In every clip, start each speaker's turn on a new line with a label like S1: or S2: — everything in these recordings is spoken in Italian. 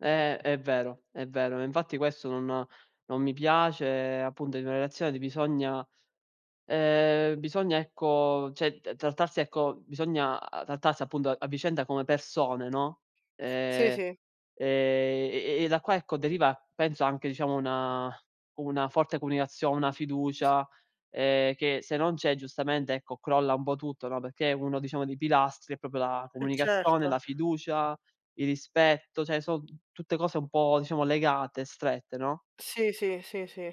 S1: Eh, è vero, è vero. Infatti, questo non non mi piace, appunto, in una relazione di bisogna ehm, bisogna, ecco, cioè, t trattarsi ecco, bisogna trattarsi, appunto, a a vicenda come persone, no,
S2: Sì,
S1: ehm,
S2: sì.
S1: e e e e da qua, ecco, deriva, penso, anche, diciamo, una una forte comunicazio una fiducia, ehm, che, se non c'è, giustamente, ecco, crolla un po' tutto, no, perché uno, diciamo, dei pilastri è proprio la
S2: Eh,
S1: comunicazione,
S2: certo.
S1: la fiducia, il rispetto, cioè, son tutte cose un po', diciamo, legate, strette, no?
S2: Sì, sì, sì, sì.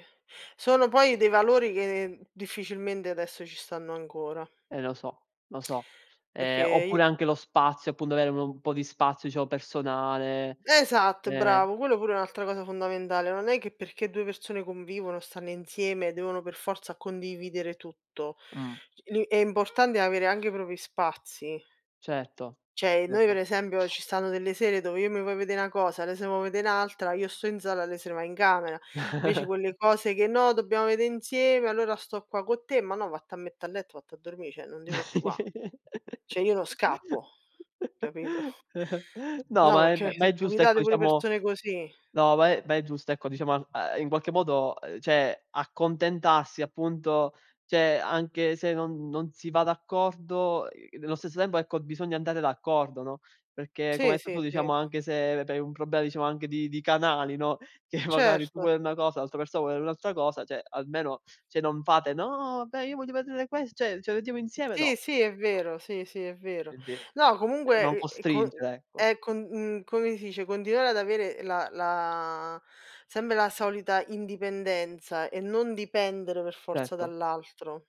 S2: Sono poi dei valori che difficilmente adesso ci stanno ancora.
S1: Eh lo so, lo so. Ehm,
S2: Perché i
S1: oppure anche lo spazio, appunto avere un po' di spazio, diciamo, personale
S2: Esatto,
S1: eh.
S2: bravo. Quello, pure, è un'altra cosa fondamentale. Non è che perché 2 persone convivono, stanno insieme, devono per forza condividere tutto.
S1: Mh.
S2: Li è importante avere anche i propri spazi.
S1: Certo,
S2: Cioè, noi, per
S1: certo.
S2: esempio, ci stanno delle sere dove io mi voglio vede' 'na cosa, lei se vo vede' n'altra, io sto in sala, lei se va in camera. Invece, quelle cose che: “No, dobbiamo vede' insieme, allora sto qua co' te". "Ma no, vatte a mette' a letto, vatti a dormì, cioè, non ti preoccupà”, cioè, io non scappo, capito?
S1: No,
S2: No,
S1: ma è
S2: perché
S1: ehm,
S2: mi
S1: ma
S2: sono
S1: è giusto, ecco,
S2: capitate pure
S1: diciamo
S2: persone così.
S1: no, ma è ma è giusto, ecco, diciamo, a ahm, in qualche modo, uhm, cioè, accontentarsi, appunto. Cioè, anche se non non si va d'accordo, uhm, nello stesso tempo, ecco, bisogna andare d'accordo, no, perché, come
S2: Sì,
S1: hai detto
S2: sì,
S1: tu,
S2: sì.
S1: diciamo, anche se hai un problema, diciamo, anche di di canali, no, che magari, tu
S2: Certo.
S1: vuoi una cosa, l'altra persona vuole un'altra cosa, cioè, almeno se non fate: “No, vabbè, io voglio vedere quest” cioè: “Ce lo vediamo insieme”,
S2: Sì,
S1: no,
S2: sì, è
S1: no.
S2: vero, sì, sì, è vero.
S1: Quindi n
S2: No,
S1: non
S2: comunque, è è co
S1: costringere, ecco.
S2: è co mhmm, come si dice, continuare ad avere la la sempre la solita indipendenza e non dipendere, per forza,
S1: Certo.
S2: dall'altro.